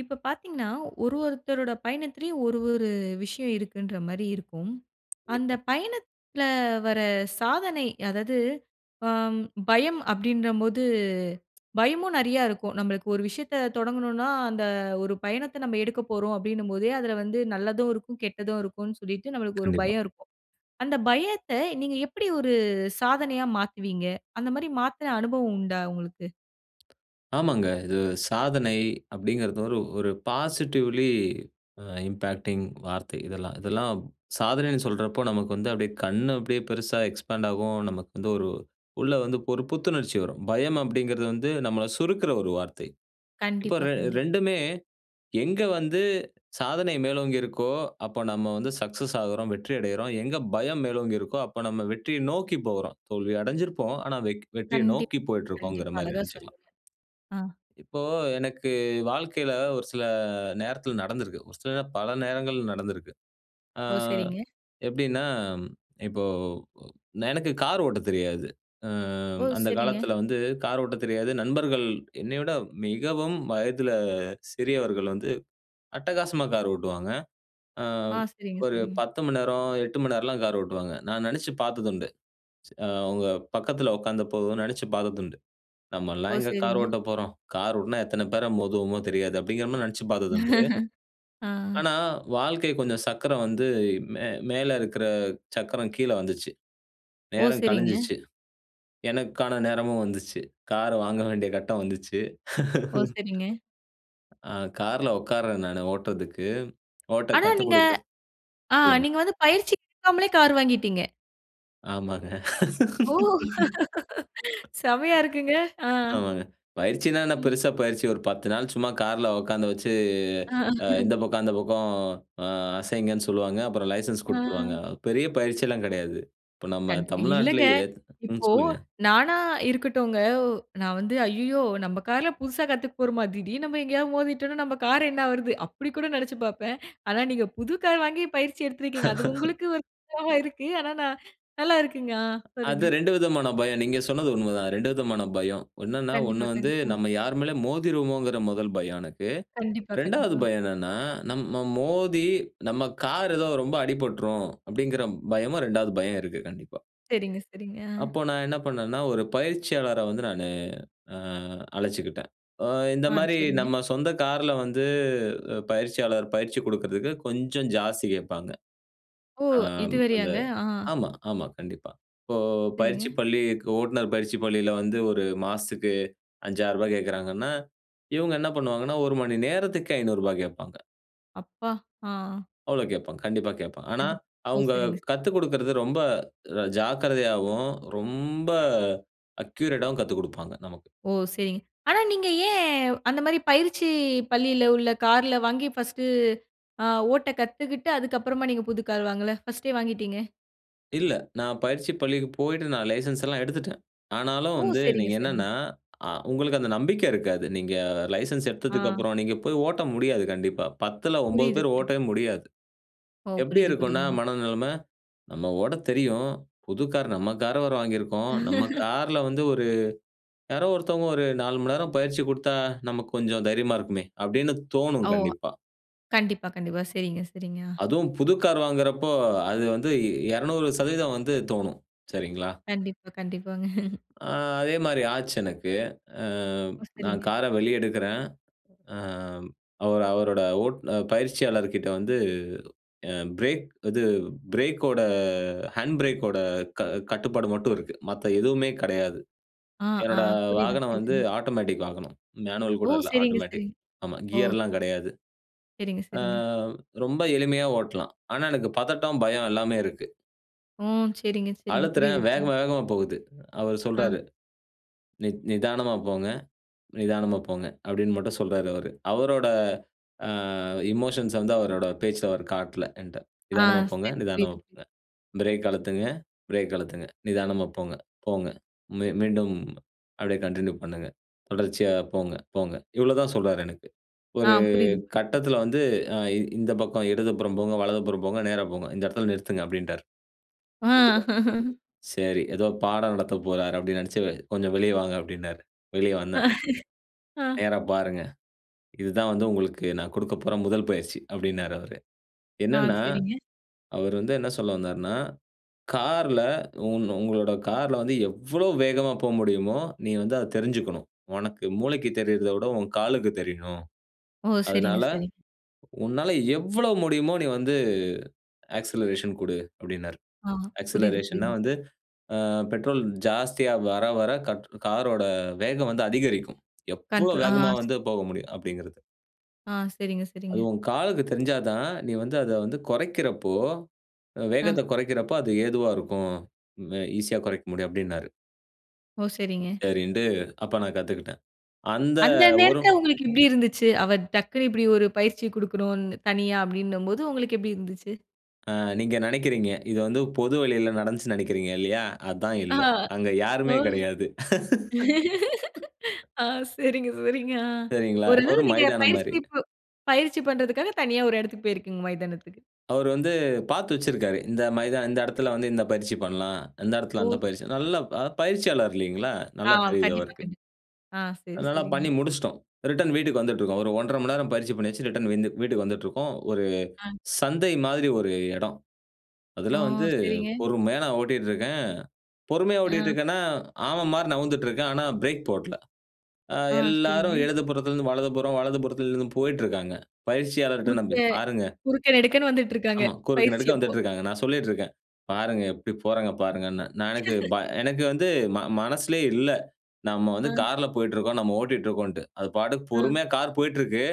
இப்ப பார்த்தீங்கன்னா, ஒரு ஒருத்தரோட பயணத்திலேயும் ஒரு ஒரு விஷயம் இருக்குன்ற மாரி இருக்கும். அந்த கண்டிப்பா. பயணத்துல வர சாதனை அதாது ஆ பயம் அப்படின்ற போது பயமும் நெறைய இருக்கும். நம்மளுக்கு ஒரு விஷயத்த தொடங்கணும்னா அந்த ஒரு பயணத்த நம்ம எடுக்கப் போறோம் அப்டின்னும்போதே அதுல வந்து நல்லதும் இருக்கும். கெட்டதும் இருக்குன்னு சொல்லிட்டு நம்மளுக்கு ஒரு கண்டிப்பா. பயம் இருக்கும். அந்த பயத்த நீங்க எப்படி ஒரு சாதனையா மாத்துவீங்க அந்த மாரி மாத்துன அனுபவம் உண்டா உங்களுக்கு? ஆமாங்க. இது சாதனை அப்டிங்கிறது ஒரு ஒரு பாசிட்டிவ்லி அ இம்பாக்டிங் வார்த்தை இதெல்லாம் இதெல்லாம் சாதனைன்னு சொல்றப்போ நமக்கு. வந்து அப்டியே கண்ணு அப்டியே பெருசா எக்ஸ்பாண்ட்டாகும் நமக்கு வந்து ஒரு உள்ள வந்து ஒரு புத்துணர்ச்சி வரும். பயம் அப்டிங்கிறது வந்து நம்மள சுருக்குற ஒரு வார்த்தை. இப்ப கண்டிப்பா, ரெ கண்டிப் 2டுமே எங்க வந்து சாதனை மேலோங்கி இருக்கோ, அப்ப நம்ம வந்து சக்சஸ் ஆகுறோம், வெற்றி அடையிறோம், எங்க பயம் மேலோங்கி இருக்கோ அப்ப நம்ம வெற்றிய நோக்கி போறோம். தோல்வி அடைஞ்சிருப்போம். ஆனா வெக் வெற்றியை கண்டிப் நோக்கி போயிட்டுருக்கோம்ங்குற கண்டிப்பா. மாரி அழகா நெனைச்சுக்கலாம். சொன்னீங்க. அ. இப்போ எனக்கு வாழ்க்கையில ஒரு சில நேரத்தில நடந்திருக்கு ஒரு சில பல நேரங்கள் நடந்துருக்கு. ஆ ஓ! சரிங்க. எப்படின்னா இப்போ எனக்கு கார் ஓட்டத் தெரியாது. ஆ ஓ! அந்த சரிங்க. காலத்தில வந்து கார் ஓட்டத் தெரியாது நண்பர்கள் என்னை விட மிகவும் வயதில சிறியவர்கள் வந்து அட்டகாசமா கார் ஓட்டுவாங்க. அ ஆ. சரிங்க, ஒரு சரிங்க. 10 மணி நேரம் 8 மணி நேரம்லாம் கார் ஓட்டுவாங்க. நான் நெனைச்சு பார்த்ததுண்டு ச ஆவங்க பக்கத்துல உட்கார்ந்த போதும் நெனைச்சு பார்த்ததுண்டு. ஓ! நம்மல்லாம் எங்க கார் சரிங்க. ஓட்ட போறோம். கார் ஓட்டுனா எத்தன பேர மோதுவோமோ தெரியாது. அப்படிங்கிற மாரி நெனைச்சுப் பார்த்ததுண்டு. ஆ. ஆனா வாழ்க்கை கொஞ்சம் சக்கரம் வந்து மே மேல இருக்கற சக்கரம் கீழ வந்துச்சு. ஓ! நேரம் சரிங்க. கழிஞ்சுச்சு எனக்கான நேரமும் வந்துச்சு கார் வாங்க வேண்டிய கட்டம் வந்துச்சு. ஓ! சரிங்க. ஆ காருல உட்காருறேன் நானு ஓட்டுறதுக்கு ஓட்ட ஆனா, கத்து நீங்க குடுக்க அ சொல்லுங்க. நீங்க வந்து பயிற்சி எடுக்காமலே கார் வாங்கிட்டீங்க. ஆமாங்க. ஓ! செம்மையா இருக்குங்க ஆ. ஆமாங்க. பயிற்சினா என்ன ம். பெருசா பயிற்சி, ஒரு 10 நாள் சும்மா கார்ல உட்காந்து வச்சு, ஆ ஆஹா. இந்த பக்கம் அந்த பக்கம் ஆ அசைங்கன்னு சொல்லுவாங்க. அப்புறம் லைசென்ஸ் அ. குடுத்துருவாங்க. பெரிய க பயிற்சில்லாம் கெடையாது. இப்ப நம்ம கண் இல்லங்க. தமிழ்நாட்டிலேயே ம், இப்போ சொல்லுங்க. நானா இருக்கட்டுங்க. நா வந்து ஐய்யயோ! நம்ப கார்ல புதுசா கத்துக்க போறமா? திடீர்னு நம்ம எங்கேயாவது மோதிட்டோம்னா நம்ப கார் என்ன ஆவறது? அப்படி கூட நெனச்சு பாப்பேன். ஆனா நீங்க புது கார் வாங்கி பயிற்சி எடுத்திருக்கிறீங்க. அது உங்களுக்கு ஒரு இதா இருக்கு. ஆனா ந நல்லா இருக்குங்க. ஆ சொல்லுங்க. அதுதான் 2 விதமான பயம். நீங்க சொன்னது உண்மைதா 2 விதமான பயம். என்னன்னா 1 கண்டிப்பா, வந்து கண்டிப்பா. நம்ம யார் மேலயும் மோதிருவோமோங்கிற 1 பயம் எனக்கு. கண்டிப்பா, 2வது கண்டிப்பா. பயம் என்னன்னா நம்ம மோதி, நம்ம கார் எதோ ரொம்ப அடிபட்டுரும், அப்படிங்கிற பயமும், 2வது பயம் இருக்கு. கண்டிப்பா. சரிங்க, சரிங்க. ஆ. அப்போ, நான் என்ன பண்ணேன்னா, ஒரு பயிற்சியாளர வந்து, நானு ஆ அழைச்சுக்கிட்டேன். ஆ இந்த ஆ, மாரி, சரிங்க. நம்ம சொந்த கார்ல வந்து பயிற்சியாளர் பயிற்சி குடுக்குறதற்கு கொஞ்சம் ஜாஸ்தி கேப்பாங்க. ஓ! ஆ இது அந்த வேறையாங்க. ஆ. ஆமா, ஆமா கண்டிப்பா. இப்போ பயிற்சி சரிங்க. பள்ளிக் ஓட்டுனர் பயிற்சி பள்ளியில வந்து 1 மாசத்துக்கு ரூ 5,000 ரூபாய் கேக்கறாங்கனா, இவங்க என்ன பண்ணுவாங்கனா, 1 மணி நேரத்திக்கு ரூ 500 ரூபாய் கேப்பாங்க. அப்பா! அ. அவ்ளோ கேட்பாங்க. கண்டிப்பா கேட்பாங்க. ஆனா, கண்டிப் ஓ! அவங்க சரிங்க, சரிங் கத்துக் குடுக்கிறது ரொம்ப ர ஜாக்கிரதையாவும் ரொம்ப அக்யூரேட்டாவும் கத்துக் குடுப்பாங்க நமக்கு! ஓ! சரிங். ஆனா நீங்க ஏன், அந்த மாரி பயிற்சி பள்ளில உள்ள கார்ல வாங்கி 1டு அ ஓட்ட கத்துக்குட்டு அதுக்கு அப்புறமா நீங்க புது கார் வாங்கல? 1டே வாங்கிட்டீங்க? இல்ல. நான் பயிற்சி பள்ளிக்கு போயிட்டு நான் லைசென்ஸ்ல்லாம் எடுத்துட்டேன். ஆனாலும், ஓ! வந்து சரிங்க, நீங்க சரிங்க. என்னன்னா அ உங்களுக்கு அந்த நம்பிக்கை இருக்காது. நீங்க லைசென்ஸ் எடுத்ததுக்கு அ. அப்புறம், நீங்க போய் ஓட்ட முடியாது கண்டிப்பா. 10ல 9 புரியிது. பேர் ஓட்டவே முடியாது. ஓ! எப்படி புரியிது, இருக்குன்னா புரியிதுங்க. மனநெலம. நம்ம ஓட்ட தெரியும், புது கார் நம்ம கார் வேற வாங்கியிருக்கோம். நம்ம கார்ல வந்து ஒரு யாரோ ஒருத்தவங்க ஒரு 4 மணிநேரம் பயிற்சி குடுத்தா நமக்கு கொஞ்சம் தைரியமா இருக்குமே! அப்படின்னு தோணும் அ ஓ! கண்டிப்பா. கண்டிப்பா, கண்டிப்பா. சரிங்க, சரிங்க. அ. அதுவும் புது கார் வாங்குறப்போ அது வந்து இ 200% வந்து தோணும், சரிங்களா. கண்டிப்பா, கண்டிப்பாங்க. அ. அதே மாரி ஆச்சு எனக்கு. அ ஓ! நான் சரிங்க. கார வெளிய எடுக்குறேன். அ அவர் அவரோட ஓட் பயிற்சியாளர்கிட்ட வந்து அ பிரேக், இது பிரேக்கோட ஹேண்ட் பிரேக்கோட க கட்டுப்பாடு மட்டும் இருக்கு. மத்த எதுவுமே கடையாது. அ, அ. என்னோட புரியிது, வாகனம் வந்து புரியிதுங்க. ஆட்டோமேட்டிக் வாகனம் மேனுவல் ஓ! கூட இல்ல சரிங்க, ஆட்டோமேட்டிக். சரிங்க. ஆமா ஒ. கியர்லாம் கடையாது. சரிங்க, அ சரிங்க. ரொம்ப எளிமையா ஓட்லாம். ஆனா எனக்கு பதட்டம், பயம் எல்லாமே இருக்கு. ஓ! சரிங்க, சரிங்க. அழுத்துறேன், புரியுது, வேக புரியுது. வேகமா போகுது. அவரு அ. சொல்றாரு. "நி நிதானமா போங்க, நிதானமா போங்க," அப்படின்னு மட்டும் சொல்றாரு அவரு. அவரோட அ எமோஷன்ஸ் வந்து அவரோட பேச்சில அவர் காட்டல என்ட்ட. அ. "நிதானமா போங்க. சரி, நிதானமா புரியுது, புரியுது. போங்க. பிரேக் அழுத்துங்க. பிரேக் அழுத்துங்க. நிதானமா போங்க, போங்க. மீ மீண்டும் அப்படியே கன்டின்யூ பண்ணுங்க. தொடர்ச்சியா போங்க, போங்க." இவ்ளோ தா சொல்றாரு எனக்கு. அ. ஒரு புரியுது, புரி கட்டத்தில வந்து "அ இந்த பக்கம் இடதுபுறம் போங்க, வலதுபுறம் போங்க, நேரா போங்க. இந்த இடத்தில நிறுத்துங்க" அப்படின்ட்டார். அ. சரி எதோ பாடம் நடத்த போறார், அப்படினு நெனச்சு கொஞ்சம் வெளிய வாங்க அப்படினாரு. வெளிய வந்தேன். அ. "நேரா பாருங்க. இதுதான் வந்து உங்களுக்கு நான் குடுக்க போற 1 பயிற்சி!" அப்படின்னாரு அவரு. அ, என்னன்னா, சரிங்க. அவர் வந்து என்ன சொல்ல வந்தார்னா, "கார்ல உன் உங்களோட கார்ல வந்து எவ்வளோ வேகமா போ முடியுமோ, நீ வந்து அத தெரிஞ்சுக்கணும். உனக்கு மூளைக்கு தெரியரத விட உன் காலுக்கு தெரியணும். ஓ! சரிங்க, அதனால, சரிங்க. உன்னால எவ்வளோ முடியுமோ நீ வந்து ஆக்சிலரேஷன் குடு" அப்டின்னார். அ. புரியுது, ஆக்சிலரேஷன் னா புரியுது. வந்து அ பெட்ரோல் ஜாஸ்தியா வர, வர கட் கார் ஓட வேகம் வந்து அதிகரிக்கும். எவ்வளோ கண்ட்ரோல். வேகமா அ வந்து போக முடியும் அப்படிங்கிறது. ஆ சரிங்க, "அது சரிங்க. உன் காலுக்கு தெரிஞ்சாதான் தான், நீ வந்து அத வந்து, குறைக்கறப்போ அ வேகத்த அ. குறைக்கறப்போ அது ஏதுவா இருக்கும். ம ஈசியா குறைக்க முடியும்," அப்டின்னாரு. ஓ! சரிங்க. சரின்ட்டு, அப்ப நான் கத்துக்கிட்டேன். அந்த அந்த ஒரு நேரத்துல, உங்களுக்கு எப்டி இருந்துச்சு? அவர் டக்குனு இப்டி ஒரு பயிற்சி குடுக்கணும் தனியா, அப்டின்னும் போது, உங்களுக்கு எப்டி இருந்துச்சு? அ நீங்க நினைக்கிறீங்க, இது வந்து பொது வழியில நடந்துச்சு நினைக்கிறீங்க இல்லையா? அதான் ஆ, இல்ல. அங்க ஒ! யாருமே கிடயாது. ஆ சரிங்க, சரிங்க. ஆ, சரிங்களா? ஓரளவு ஒரு நீங்க மைதானம் பயிற்சி, மாரி. இப் பயிற்சி பண்றதுக்காக, தனியா ஒரு இடத்துக்கு போயிருக்கீங்க மைதானத்துக்கு. அவரு வந்து, பாத்து வச்சிருக்கிறாரு. இந்த மைதா இந்த இடத்துல வந்து இந்த பயிற்சி பண்ணலாம், இந்த இடத்துல அந்த ஓ! பயிற்சி, நல்ல அ பயிற்சியாளர் இல்லிங்களா? ஆ, நல்லா தெரியுது கண்டிப்பா, அவருக்கு. கண்டிப்பா. ஆ, சரி, அதனால சரிங்க. பண்ணி முடிச்சுட்டோம். ரிட்டர்ன் வீட்டுக்கு வந்துட்டிருக்கோம். ஒரு 1:30 மணி நேரம் பயிற்ச்சி பண்ணியாச்சு, ரிட்டர்ன் விந்து வீட்டுக்கு வந்துட்டுருக்கோம். ஒரு அ. சந்தை மாரி, ஒரு இடம். ஓ! அதெல்லாம் வந்து, சரிங்க. பொறுமையா ஓட்டிட்டு இருக்கேன். பொறுமையா ஓட்டிட்டு அ. இருக்கேனா, ஆமை மாரி, நகர்ந்துட்டு இருக்கேன். ஆனா, பிரேக் போட்ல. அ ஆ, எல்லாரும் சரிங்க. எழுது புறத்திலிருந்து வலதுபுறம், வலது புறத்திலிருந்து போயிட்டு இருக்காங்க. பயிற்சியாளர்ட குறுக்க நம்பி பாருங்க. குறுக்க நெடுக்கன்னு வந்துட்டு த இருக்காங்க. ஆமா குறுக்க பயிற்சி நடுக்க அப்போ. வந்துட்டு இருக்காங்க. நான் சொல்லிட்டு இருக்கேன், பாருங்க எப்டி போறாங்க பாருங்கனே. நான் எனக்கு, ப எனக்கு வந்து, ம மனசுலே இல்ல. நாம வந்து அ. கார்ல போயிட்டு இருக்கிறோம். நம்ம ஓட்டிகிட்டு இருக்கோம்ட்டு. அது பாட்டுக்கு அ. பொறுமையா கார் போயிட்டு இருக்கு.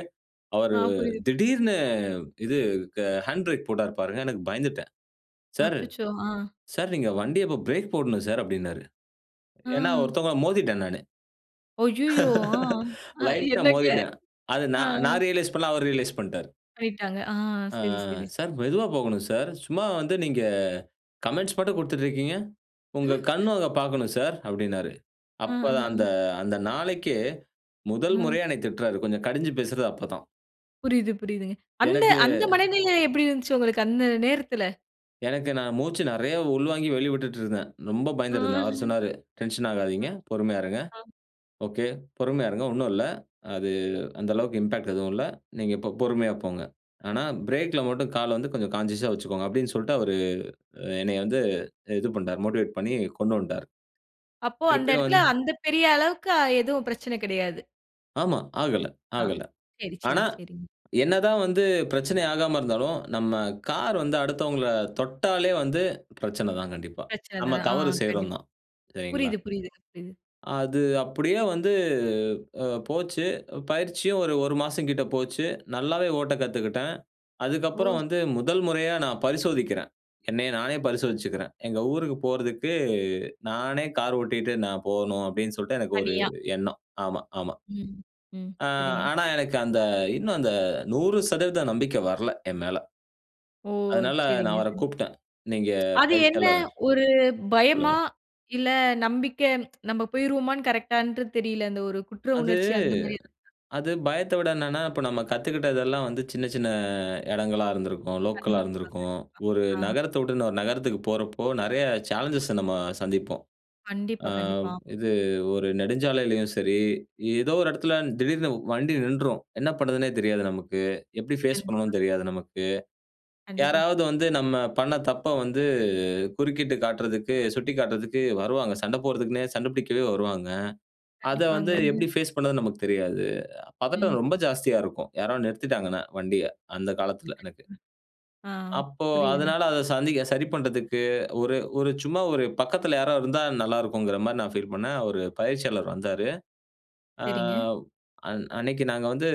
அவரு ஆ, புரியுது திடீர்னு, இது க ஹேண்ட் பிரேக் போட்டாரு பாருங்க, எனக்கு பயந்துட்டேன். "சார், அச்சச்சோ! ஆ. சார் நீங்க வண்டிய இப்போ பிரேக் போடணும் சார்," அப்டின்னாரு. ஏனா, ஆ! ஒருத்தவங்கள மோதிட்டேன் நானு. அய்யயோ! ஆ! அ லைட்டா என்னங்க. மோதிட்டேன். அது அ, ஆ. நான்-நான் ரியலைஸ் பண்ணல, அவரு ரியலைஸ் பண்ணிட்டாரு. பண்ணிட்டாங்க. ஆ. அ சரி, சரி, சரி. "சார் மெதுவா போகணும் சார். சும்மா வந்து நீங்க கமெண்ட்ஸ் மட்டும் குடுத்துட்டு இருக்கீங்க? உங்க கண்ணு அத பாக்கணும் சார்." அப்டின்னாரு. ஆஹ, அப்பதான் அ. அந்த-அந்த நாளைக்கே முதல் ஆ. முறையா என்னய திட்றாரு, கொஞ்சம் கடிஞ்சு பேசுறது அப்ப தான். புரியுது, புரியுதுங்க. அந்த எனக்கு அந்த மனநிலை எப்படி இருந்துச்சு உங்களுக்கு அந்த நேரத்துல? எனக்கு நான் மூச்சு நிறைய உள்வாங்கி வெளிவிட்டுட்டு இருந்தேன். ரொம்ப ஓ! பயந்திட்டுருந்தேன். அவர் ம். சொன்னாரு, டென்ஷன் அ, ஆகாதீங்க, பொறுமையா இருங்க. ஆ. ஒகே பொறுமையா இருங்க, ஒண்ணும் இல்லை. அது அந்த அளவுக்கு இம்பாக்ட் எதுவும் இல்லை. நீங்க இப்போ பொறுமையா போங்க. ஆனா, பிரேக்ல மட்டும் காலை வந்து கொஞ்சம் கான்ஷியஸா வைச்சுக்கோங்க அப்படினு சொல்லிட்டு அவரு, அ என்னைய வந்து இது பண்ணிட்டார், மோட்டிவேட் பண்ணி கொண்டு வன்ட்டார். அப்போ அந்த திருப்பியும் இடத்தில வந் அந்த பெரிய அளவுக்கு, அ எதுவும் பிரச்சனை கிடையாது. ஆமா. ஆகல ஆ. ஆகல. சரி, சரி, ஆனா சரி. என்னதான் வந்து பிரச்சனை ஆகாம இருந்தாலும், நம்ம கார் வந்து அடுத்தவங்கள தொட்டாலே வந்து, பிரச்சனை தான் கண்டிப்பா, பிரச்சனை நம்ம தான். ஆ தவறு செய்றோம் கண்டிப்பா. தான், சரிங்களா. புரியுது, புரியுதுங்க புரியுதுங்க. அது அப்படியே வந்து அ போச்சு, பயிற்சியும் ஒரு 1 மாசம் கிட்டே போச்சு, நல்லாவே ஓட்ட கத்துக்கிட்டேன், அதுக்கப்புறம் ஓ! வந்து முதல் முறையா நான் பரிசோதிக்கிறேன், என்னைய நானே பரிசோதிச்சுக்கிறேன். எங்க ஊருக்கு போறதுக்கு, நானே கார் ஓட்டிட்டு நான் போணும் அப்படின்னு சொல்லிட்டு, எனக்கு ஒரு தனியா. எண்ணம். ஆமா, ஆமா. ம், ம். ஆ சரிங்க. ஆனா எனக்கு அந்த, இன்னும் அந்த 100% நம்பிக்கை வரல என் மேல. ஓ! அதனால நான் சரிங்க, சரி. அவரைக் கூப்பிட்டேன், நீங்க அது என்ன, பயிற்சியாளர் ஒரு பயமா, சொல்லுங்க. இல்ல நம்பிக்க நம்ம போயிருவோமான்னு கரெக்ட்டா தெரியல, அந்த ஒரு குற்ற அது உணர்ச்சி அந்த மாதிரி ஏதாவது? அது பயத்தை விட என்னன்னா, இப்ப நம்ம கத்துக்கிட்டதெல்லாம் வந்து, சின்ன சின்ன இடங்களா இருந்திருக்கும், லோக்கலா கண்டிப்பா, இருந்திருக்கும், கண்டிப்பா. ஒரு ஆ நகரத்த விட்டுன்னு ஒரு நகரத்துக்கு போறப்போ, நிறைய சேலஞ்சஸை நம்ம சந்திப்போம், கண்டிப்பா, ஆ கண்டிப்பா. இது ஒரு நெடுஞ்சாலையிலேயும் சரி, ஏதோ ஒரு இடத்துல திடீர்னு வண்டி நின்றும், என்ன பண்ணுறதுன்னே தெரியாது நமக்கு. எப்படி ஃபேஸ் கண்டிப்பா. பண்ணணு தெரியாது நமக்கு. கண்டிப்பா. யாராவது வந்து நம்ம பண்ண தப்பை வந்து, குறுக்கிட்டு காட்டுறதுக்கு, சுட்டிக்காட்டுறதுக்கு வருவாங்க சண்டை போடுறதுக்குன்னே சண்டை பிடிக்கவே வருவாங்க. அதை கண்டிப்பாங்க. வந்து எப்படி ஃபேஸ் பண்ணுறதுனு நமக்கு தெரியாது, பதட்டம் ரொம்ப ம். ஜாஸ்தியா இருக்கும், யாரோ நிறுத்திட்டாங்கனா, வண்டிய, அந்த காலத்தில எனக்கு. கண்டிப்பா. ஆ அப்போ புரியுதுங்க. அதனால அதை சந்திக்க சரி பண்றதுக்கு, ஒரு ஒரு சும்மா ஒரு பக்கத்துல யாராவது இருந்தால் நல்லா இருக்கும்ங்கிற மாதிரி நான் பீல் பண்ணேன். அவரு பயிற்சியாளர் வந்தாரு. ஆ சரிங்க. அன் அன்னைக்கு நாங்க வந்து,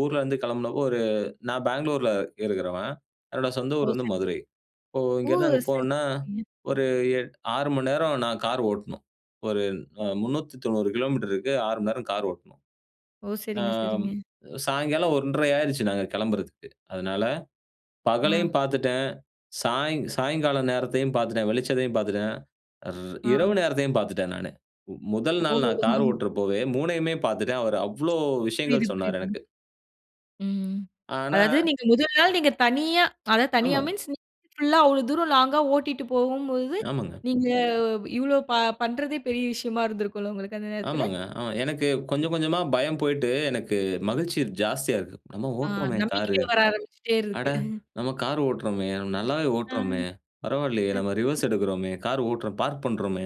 ஊர்ல இருந்து கிளம்புனப்போ, ஒரு நான் பெங்களூர்ல இருக்கிறவன், என்னோட சொந்த ஓ! ஊர் வந்து சரிங்க. மதுரை, இப்போ ஓ! இங்கேருந்து அங்கே சரி போனுனா சரிங்க. ஒரு எட் 6 மணி நேரம் நான் கார் ஓட்டணும், ஒரு அ [unintelligible] 390 கிலோமீட்டருக்கு 6 மணி நேரம் கார் ஓட்டணும். ஓ! ஆ சரிங்க, சரிங்க. சாயங்காலம் 1-1/2 ஆயிடுச்சு நாங்க கிளம்புறதற்கு, அதனால ஆ. பகலையும் பார்த்துட்டேன், சாய்ங் சாயங்காலம் நேரத்தையும் பார்த்துட்டேன், வெளிச்சதையும் பார்த்துட்டேன், அர் ஆ. இரவு நேரத்தையும் பார்த்துட்டேன் நானு, முதல் நாள் நான் கார் ஓ! ஓட்டுறப்போவே மூணையுமே பார்த்துட்டேன், அவர் அவ்வளோ புரியுது விஷயங்கள் சொன்னாரு புரியுதுங்க. எனக்கு. ம். ஆனா அதாவது, நீங்க முதல் நாள் நீங்க தனியா, அதாவது தனியா ஆமா. மீன்ஸ் [unintelligible] ஃபுல்லா அவ்வளவு தூரம் லாங்கா ஓட்டிட்டு போகும்போது, ஆமாங்க. நீங்க இவ்வளோ ப பண்றதே பெரிய விஷயமா இருந்திருக்குல, உங்களுக்கு அந்த நேரத்தில. ஆமாங்க. ஆமா எனக்கு ம். கொஞ்சம் கொஞ்சமா பயம் போயிட்டு, எனக்கு மகிழ்ச்சி ஜாஸ்தியா இருக்கு. "நம்ம ஆ, ஓட்டுறோமே காரு, நம்பிக்கை வர ஆரம்பிச்சிட்டே அட! இருக்கு. நம்ம கார் ஓட்டுறோமே, நம்ம நல்லாவே அம். ஓட்டுறோமே பரவாயில்லையே, நம்ம [unintelligible] ரிவர்ஸ் எடுக்கிறோமே, கார் ஓட்டுறோம் பார்க் பண்ணுறோமே,"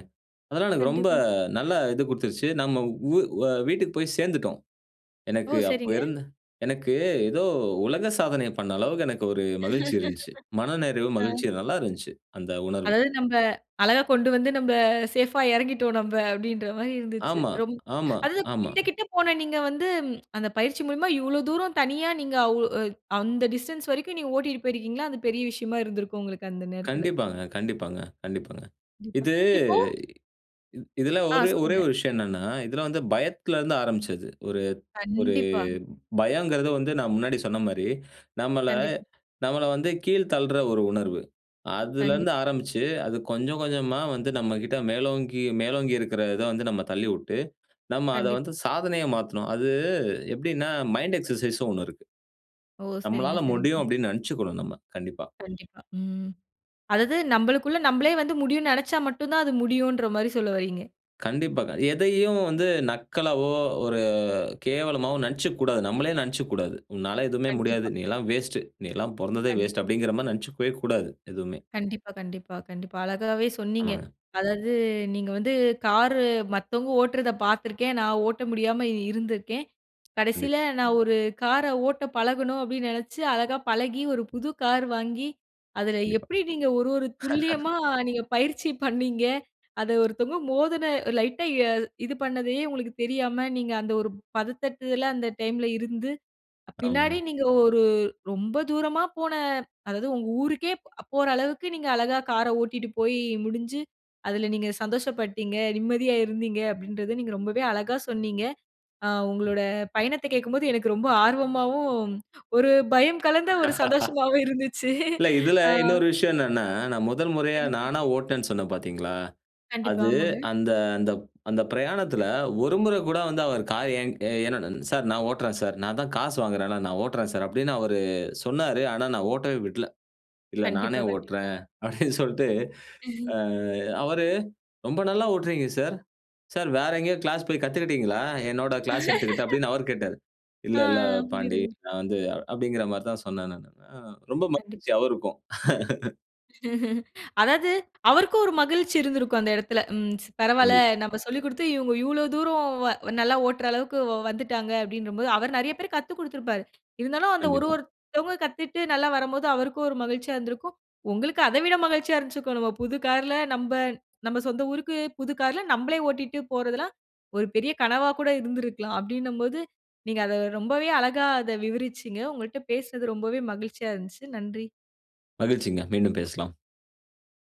அதெல்லாம் எனக்கு ரொம்ப கண்டிப்பா. நல்லா இது கொடுத்துச்சு. நம்ம வு வீட்டுக்கு போய் சேர்ந்துட்டோம், ஓ! எனக்கு அப்போ சரிங்க. இருந்த எனக்கு ஏதோ உலக சாதனை பண்ண அளவுக்கு எனக்கு ஒரு மகிழ்ச்சி இருந்துச்சு. மனநிறைவு, அ. மகிழ்ச்சி நல்லா இருந்துச்சு, அந்த உணர்வு. அதாவது நம்ப அழகா கொண்டு வந்து நம்ப சேஃப்பா இறங்கிட்டோம் நம்ப அப்படின்ற மாரி இருந்துச்சு. ஆமா, ரொம் ஆமா, அதாவது ஆமா. கிட்ட, கிட்ட போன நீங்க வந்து, அந்த பயிற்சி மூலியமா இவ்வளோ தூரம் தனியா நீங்க அவு அ அந்த டிஸ்டன்ஸ் வரைக்கும் நீங்க ஓட்டிட்டு போயிருக்கிறீங்களா, அது பெரிய விஷயமா இருந்திருக்கும் உங்களுக்கு அந்த நேரத்தில. கண்டிப்பாங்க, கண்டிப்பாங்க, கண்டிப்பாங்க. கண்டிப்பா. இது இப்போ இ இதில ஆ. ஒரு ஒரே சொல்லுங்க. ஒரு விஷயம் என்னென்னா, இதில வந்து பயத்துல இருந்து ஆரம்பிச்சது. ஒரு ஒரு கண்டிப்பா. பயங்கிறது வந்து நான் முன்னாடி சொன்ன மாரி, நம்மளை கண்டிப்பா. நம்மளை வந்து கீழ் தள்ளிற ஒரு உணர்வு, அதுலேருந்து கண்டிப்பா. கண்டிப்பா. ஆரம்பிச்சு அது கொஞ்சம் கொஞ்சமா வந்து, நம்மகிட்ட மேலோங்கி மேலோங்கி இருக்கிற இதை வந்து நம்ம தள்ளிவுட்டு, நம்ம அதை கண்டிப்பா. வந்து சாதனையை மாத்தணும், அது, எப்படின்னா மைண்ட் எக்சர்சைஸ் ன்னு ஒண்ணு இருக்கு. ஓ! சரிங்க, நம்மளால சரிங்க. முடியும் அப்படினு நினைசிச்சுக்கணும் நம்ம. கண்டிப்பா. கண்டிப்பா. ம். அதாவது நம்பளுக்குள்ள நம்பளே வந்து முடியுன்னு நினைச்சா மட்டும் தான், அது முடியுன்ற மாரி சொல்ல வரீங்க. கண்டிப்பாக. எதையும் வந்து நக்கலாவோ, ஒரு கேவலமாவோ நெனைச்சுக்க கூடாது. நம்மளே நெனைச்சுக்க கூடாது "உன்னால எதுவுமே முடியாது. கண்டிப்பா. நீ எல்லாம் வேஸ்ட். நீ எல்லாம் பொறந்ததே கண்டிப்பா. வேஸ்ட் அப்டிங்கிற மாரி நெனைச்சுக்கவே கூடாது" எதுவுமே. கண்டிப்பா, கண்டிப்பா, கண்டிப்பா. அழகாவே சொன்னீங்க. ஆமாங்க. அதாவது நீங்க வந்து கார்ரு மத்தவங்க ஓட்றத பார்த்துருக்கேன், நான் ஓட்ட முடியாம இருந்திருக்கேன். கண்டிப் கடைசியில, "நான் ஒரு கார ஓட்டப் பழகணும்" அப்டின்னு நெனைச்சு, அழகா பழகி, ஒரு புது கார் வாங்கி, அதில கண்டிப்பா. எப்டி நீங்க ஒரு, ஒரு துல்லியமா நீங்க பயிற்சி பண்ணீங்க, அத ஒருத்தவங்க மோதின லைட்டா எ இது பண்ணதையே உங்களுக்கு தெரியாம, நீங்க அந்த ஒரு பதட்டத்ல அந்த டைம்ல இருந்து, அ பின்னாடி ஆமாங்க. நீங்க ஒரு ரொம்ப தூரமா போன அதாவது, உங்க ஊருக்கே போற அளவுக்கு நீங்க அழகா கார ஓட்டிட்டு போய் முடுஞ்சு, அதில நீங்க சந்தோஷப்பட்டீங்க. நிம்மதியா இருந்தீங்க, அப்டின்றத நீங்க ரொம்பவே அழகா சொன்னீங்க. ஆ உங்களோட பயணத்தை கேட்கும்போது எனக்கு ரொம்ப ஆர்வமாவும், ஒரு பயம் கலந்த ஒரு சந்தோஷமாவும் இருந்துச்சு. இல்ல, இதுல ஆ. இன்னொரு விஷயம் என்னன்னா, நான் 1 முறையா கண்டிப்பா. நானா ஓட்னேன்னு சொன்னேன் பார்த்தீங்களா? கண்டிப்பா. அது ஆமாங்க. அந்த அந்த- அந்த பிரயாணத்ல ஒரு முற கூட வந்து அவர் "கார் என்- என்னோட சார் நான் ஓட்றேன் சார், நான் தான் காசு வாங்குறேன்ல, நான் ஓட்றேன் சார்" அப்டின்னு அவரு சொன்னாரு. ஆனா, நான் ஓட்டவே விட்ல. இல்ல நானே கண்டிப்பா, கண்டிப்பா. ஓட்றேன் அப்டின்னு சொல்ட்டு ஆ அவரு, ரொம்ப நல்லா ஓட்றீங்க சார், சார் வேற எங்கேயோ கிளாஸ் போய் கத்துகிட்டிங்களா? என்னோட கிளாஸ் எடுத்துக்கிட்டு அப்டின்னு அவர் கேட்டாரு. "இல்ல, அ, ஆ. இல்ல பாண்டி. புரியுதுங்க. நான் வந்து அப்டிங்கிற மாரி தான் சொன்னேன்" நானு. ஆ ரொம்ப கண்டிப் மகிழ்ச்சி! அவருக்கும். அதாவது, அவருக்கும் ஒரு மகிழ்ச்சி இருந்திருக்கும் அந்த எடத்தில. ம் பரவால்ல கண்டிப்பா. நம்ம சொல்லி குடுத்து இவங்க, இவ்ளோ தூரம் வ நல்லா ஓட்டுற அளவுக்கு வ- வந்துட்டாங்க அப்டின்றபோது, அவரு நெறைய பேர்க்கு கத்துக்கொடுத்திருப்பாரு. இருந்தாலும், அந்த ஒரு கண்டிப்பா. ஒருத்தவங்க கத்துட்டு நல்லா வரம்போது, அவருக்கும் ஒரு மகிழ்ச்சியா இருந்திருக்கும். உங்களுக்கும் அத விட மகிழ்ச்சியா இருந்திருக்கும் "நம்ம புது கார்ல நம்ப நம்ம சொந்த ஊருக்கு புது கார்ல நம்பளே ஓட்டிட்டு போறதெல்லாம்" ஒரு பெரிய கனவா கூட இருந்திருக்கலாம். அப்டின்னம்போது, நீங்க அத ரொம்பவே அழகா அத விவரிச்சீங்க. உங்கள்ட்ட பேசினது ரொம்பவே மகிழ்ச்சியா இருந்துச்சு! நன்றி. மகிழ்ச்சிங்க! மீண்டும் பேசலாம்.